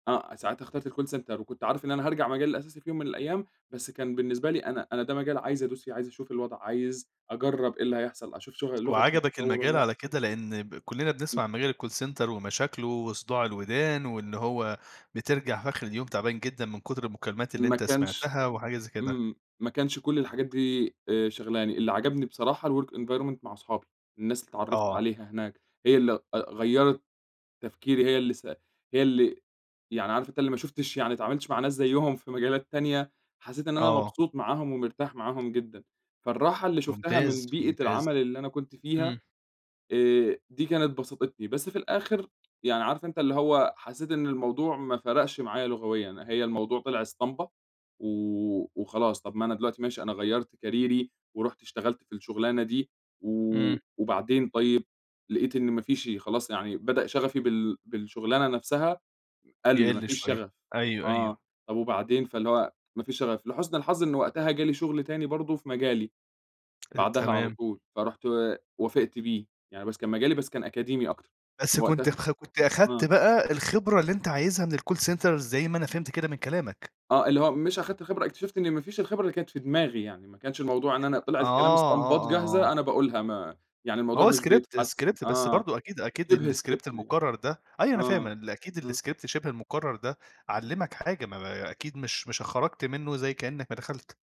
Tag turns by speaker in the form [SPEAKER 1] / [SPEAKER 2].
[SPEAKER 1] آه. ساعتها اخترت الcall center وكنت عارف إن أنا هارجع المجال الأساسي في يوم من الأيام، بس كان بالنسبة لي أنا أنا ده مجال عايز أدوس فيه، عايز أشوف الوضع، عايز أجرّب إيه اللي هيحصل؟ أشوف شغ اللغة
[SPEAKER 2] وعجبك
[SPEAKER 1] هتطوّر والَّا
[SPEAKER 2] المجال
[SPEAKER 1] لأ؟
[SPEAKER 2] على كده؟ لإن ب كُلّنا بنسمع
[SPEAKER 1] إمم.
[SPEAKER 2] عن مجال الcall center ومشاكله وصداع الودان، وإن هو بترجع في آخر اليوم تعبان جدًا من كُتر المكالمات اللي
[SPEAKER 1] ما
[SPEAKER 2] أنت
[SPEAKER 1] كانش
[SPEAKER 2] سمعتها، وحاجة زي كده.
[SPEAKER 1] إمم. ما كانش كل الحاجات دي آآ شاغلاني، اللي عجبني بصراحة الwork environment مع اصحابي. الناس اللي اتعّرفت
[SPEAKER 2] آه.
[SPEAKER 1] عليها هناك هي اللي أ غيّرت تفكيري هي اللي س هي اللي يعني عارف أنت اللي ما شُفتش يعني ما اتعاملتش مع ناس زيّهم في مجالات تانية، حسّيت إن أنا
[SPEAKER 2] آه.
[SPEAKER 1] مبسوط معاهم ومرتاح معاهم جدًا. فالراحة اللي شُفتها
[SPEAKER 2] ممتاز،
[SPEAKER 1] من بيئة
[SPEAKER 2] ممتاز.
[SPEAKER 1] العمل اللي أنا كنت فيها،
[SPEAKER 2] إمم.
[SPEAKER 1] آآ دي كانت بسطتني. بس في الآخر يعني عارف أنت اللي هو حسّيت إن الموضوع ما فرقش معايا لغويًا، هي الموضوع طلع اسطمبة و وخلاص، طب ما أنا دلوقتي ماشي، أنا غيّرت كاريري ورُحت اشتغلت في الشغلانة دي
[SPEAKER 2] إمم.
[SPEAKER 1] و وبعدين طيب لقيت إن ما فيش خلاص يعني بدأ شغفي بال بالشُغلانة نفسها قَل، ما
[SPEAKER 2] يقِل
[SPEAKER 1] فيش
[SPEAKER 2] شوية.
[SPEAKER 1] شغف.
[SPEAKER 2] أيوه،
[SPEAKER 1] آه.
[SPEAKER 2] أيوه.
[SPEAKER 1] طب وبعدين فاللي هو ما فيش شغف. لحُسن الحظ إن وقتها جالي شغل تاني برضه في مجالي
[SPEAKER 2] أ
[SPEAKER 1] بعدها على
[SPEAKER 2] تمام.
[SPEAKER 1] طول، فرُحت وافقت بيه. يعني بس كان مجالي بس كان أكاديمي أكتر.
[SPEAKER 2] بس كنت
[SPEAKER 1] وقتها
[SPEAKER 2] خ كنت
[SPEAKER 1] آه.
[SPEAKER 2] أخدت بقى الخبرة اللي أنت عايزها من الcall center زي ما أنا فهمت كده من كلامك؟
[SPEAKER 1] آه. اللي هو مش أخدت الخبرة اكتشفت إن ما فيش الخبرة اللي كانت في دماغي يعني. ما كانش الموضوع إن أنا طلع
[SPEAKER 2] آه،
[SPEAKER 1] الكلام
[SPEAKER 2] آه،
[SPEAKER 1] اسطمبات
[SPEAKER 2] آه،
[SPEAKER 1] جاهزة
[SPEAKER 2] آه.
[SPEAKER 1] أنا باقولها ما يعني
[SPEAKER 2] ما
[SPEAKER 1] الموضوع
[SPEAKER 2] هو
[SPEAKER 1] مش
[SPEAKER 2] script
[SPEAKER 1] بيتحسّن
[SPEAKER 2] -script بس
[SPEAKER 1] آه.
[SPEAKER 2] برضه أكيد،
[SPEAKER 1] شِبه
[SPEAKER 2] أكيد
[SPEAKER 1] script
[SPEAKER 2] الscript
[SPEAKER 1] دي
[SPEAKER 2] المُكرّر ده أيوه أنا فاهم
[SPEAKER 1] .آه.
[SPEAKER 2] إن أكيد
[SPEAKER 1] آه.
[SPEAKER 2] الscript شِبه المُكرّر ده، علّمك حاجة. ما ما أكيد مش مش خرجت منّه زي كإنّك ما دخلت.